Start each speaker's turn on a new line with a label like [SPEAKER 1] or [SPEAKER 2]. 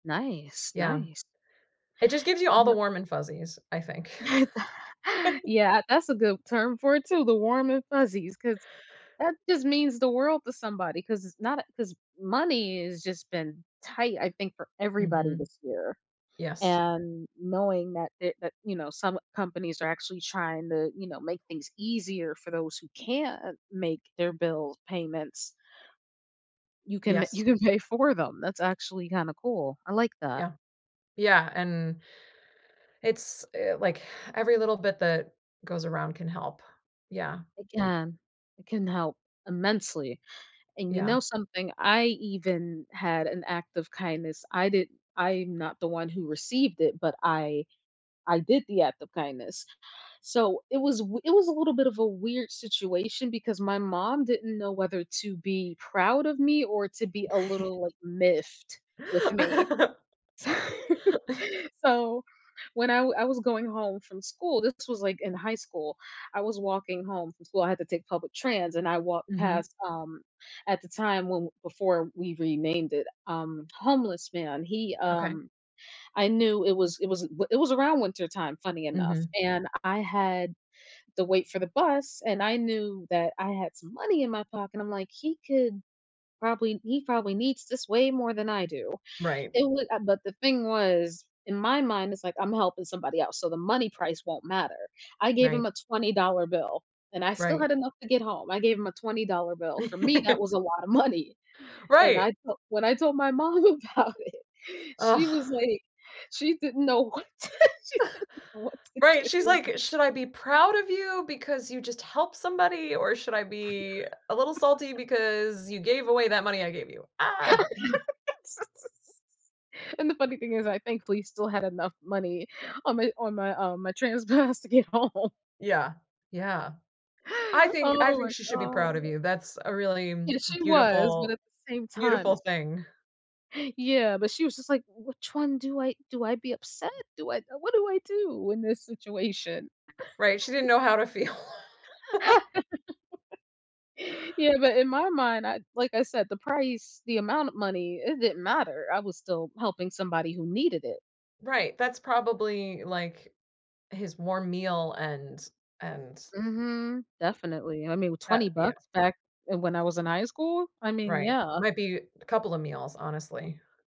[SPEAKER 1] Nice,
[SPEAKER 2] Yeah.
[SPEAKER 1] nice.
[SPEAKER 2] It just gives you
[SPEAKER 1] You
[SPEAKER 2] all the
[SPEAKER 1] kno
[SPEAKER 2] warm and fuzzies, I think.
[SPEAKER 1] Yeah, that's a good term for it, too, the warm and fuzzies 'cause that just means the world to somebody 'cause it's not a 'cause money has just been tight, I think, for everybody
[SPEAKER 2] Mhm.
[SPEAKER 1] this year,
[SPEAKER 2] Yes.
[SPEAKER 1] and knowing that it that, you know, some companies are actually trying to, you know, make things easier for those who can't make their bill payments you can
[SPEAKER 2] Yes.
[SPEAKER 1] you can pay for them, that's actually kinda cool, I like that.
[SPEAKER 2] Yeah. Yeah, and it's, eh, like, every little bit that goes around can help. Yeah.
[SPEAKER 1] Again, it can help immensely, and, you
[SPEAKER 2] Yeah.
[SPEAKER 1] know something, I even had an act of kindness; I did I'm not the one who received it, but I I did the act of kindness. So, it was wi it was a little bit of a weird situation because my mom didn't know whether to be proud of me or to be a little, like, miffed with me. So, when I wa I was going home from school this was, like, in high school, I was walking home from school I had to take public trans and I walked
[SPEAKER 2] Mhm.
[SPEAKER 1] past, um, at the time when before we renamed it, um, homeless man he,
[SPEAKER 2] Okay.
[SPEAKER 1] um I knew it was it was th it was around wintertime, funny enough,
[SPEAKER 2] Mhm.
[SPEAKER 1] and I had the wait for the bus and I knew that I had some money in my pocket, I'm like, "He could probably he probably needs this way more than I do."
[SPEAKER 2] Right.
[SPEAKER 1] It wa uh, but the thing was, in my mind, it's like, "I'm helping somebody else," so the money price won't matter. I gave
[SPEAKER 2] Right.
[SPEAKER 1] him a $20 bill and I still
[SPEAKER 2] Right.
[SPEAKER 1] had enough to get home, I gave him a $20 bill; for me, that was a lot of money. And
[SPEAKER 2] Right.
[SPEAKER 1] I felt when I told my mom about it,
[SPEAKER 2] Ugh.
[SPEAKER 1] she was like, she didn't know what she didn't know what to
[SPEAKER 2] Right, she's
[SPEAKER 1] do.
[SPEAKER 2] like, "Should I be proud of you because you just helped somebody, or should I be a little salty because you gave away that money I gave you? Ah!"
[SPEAKER 1] And the funny thing is I, thankfully, still had enough money on my on my, um my trans pass to get home.
[SPEAKER 2] Yeah, yeah. I think I
[SPEAKER 1] Oh,
[SPEAKER 2] think
[SPEAKER 1] my
[SPEAKER 2] she should be
[SPEAKER 1] God.
[SPEAKER 2] proud of you, that's a really
[SPEAKER 1] Yes, she was, but
[SPEAKER 2] beautiful
[SPEAKER 1] at the same time,
[SPEAKER 2] beautiful
[SPEAKER 1] it's
[SPEAKER 2] thing.
[SPEAKER 1] Yeah, but she was just like, "Which one do I do I be upset? Do I what do I do in this situation?"
[SPEAKER 2] Right, she didn't know how to feel.
[SPEAKER 1] Yeah, but in my mind, I like I said, the price, the amount of money, it didn't matter, I was still helping somebody who needed it.
[SPEAKER 2] Right, that's probably, like, his warm meal and and
[SPEAKER 1] Mhm, definitely, I mean, with
[SPEAKER 2] but,
[SPEAKER 1] twenty
[SPEAKER 2] you know.
[SPEAKER 1] bucks, back, eh, when I was in high school? I mean,
[SPEAKER 2] Right,
[SPEAKER 1] yeah.
[SPEAKER 2] might be a couple of meals, honestly.